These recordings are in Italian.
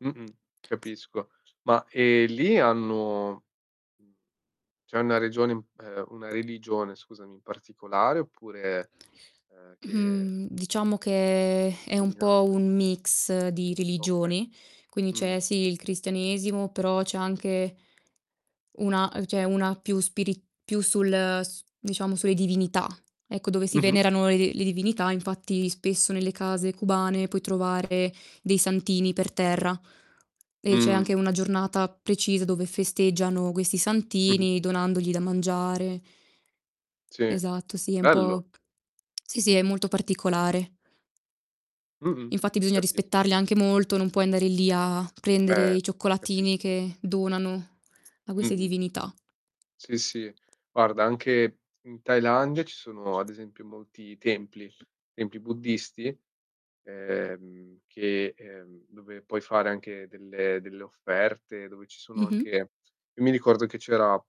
Mh-mh, capisco. Ma, ehm, lì hanno mhmm, c'è una regione ehm, una religione, scusami, in particolare oppure ehm, che Mhmm, diciamo [unintelligible] che è un po' predominante? un mix di Okay. religioni, quindi c'è, Mh. sì, il cristianesimo, però c'è anche una ehm, c'è una più spiri più sul s diciamo sulle divinità. Ecco, dove si Mh-mh. venerano, ehm, le divinità, infatti spesso nelle case cubane puoi trovare dei santini per terra e c'è Mh. anche una giornata precisa dove festeggiano questi Mh-mh. santini donandogli da mangiare. Sì, uhm, Esatto, sì è un bello. po' sì, sì, è molto particolare. Mh-mh, Infatti bisogna capis rispettarli anche molto, non puoi andare lì a prendere Eh, i cioccolatini capisco. che donano a queste Mh-mh. divinità. Sì, sì. Guarda, anche in Thailandia ci sono ad esempio molti templi templi buddisti, ehm, che ehm, dove puoi fare anche delle delle offerte, dove ci sono anche Mh-mh. io mi ricordo che c'era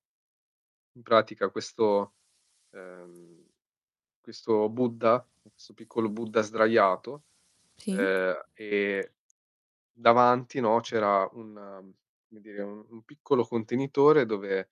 in pratica questo ehm, questo Buddha, questo piccolo Buddha sdraiato, Sì? ehm, e davanti, no, c'era una come dire, u un piccolo contenitore dove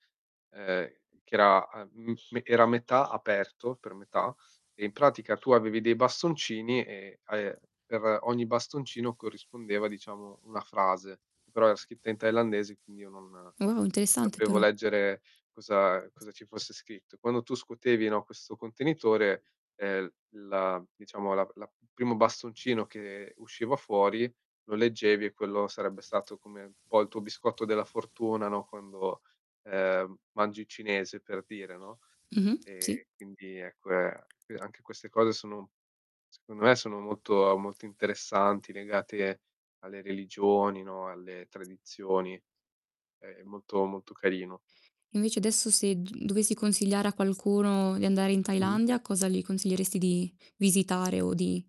ehm, che era a mhmm, me che era a metà aperto, per metà, e in pratica tu avevi dei bastoncini e, ehm, per ogni bastoncino corrispondeva diciamo una frase. Però era scritta in thailandese, quindi io non Oh, interessante, sapevo però. leggere cosa cosa ci fosse scritto. Quando tu scuotevi, no, questo contenitore, ehm, la diciamo la la primo bastoncino che usciva fuori, lo leggevi e quello sarebbe stato come un po' il tuo biscotto della fortuna, no, quando, ehm, mangi cinese, per dire, no? Mh-mh, sì? E, quindi, è que e anche queste cose sono secondo me, sono molto ehm, molto interessanti, legate alle religioni, no, alle tradizioni. È molto, molto carino. Invece adesso se g uhm, dovessi consigliare a qualcuno di andare in Mh. Thailandia, cosa gli consiglieresti di visitare o di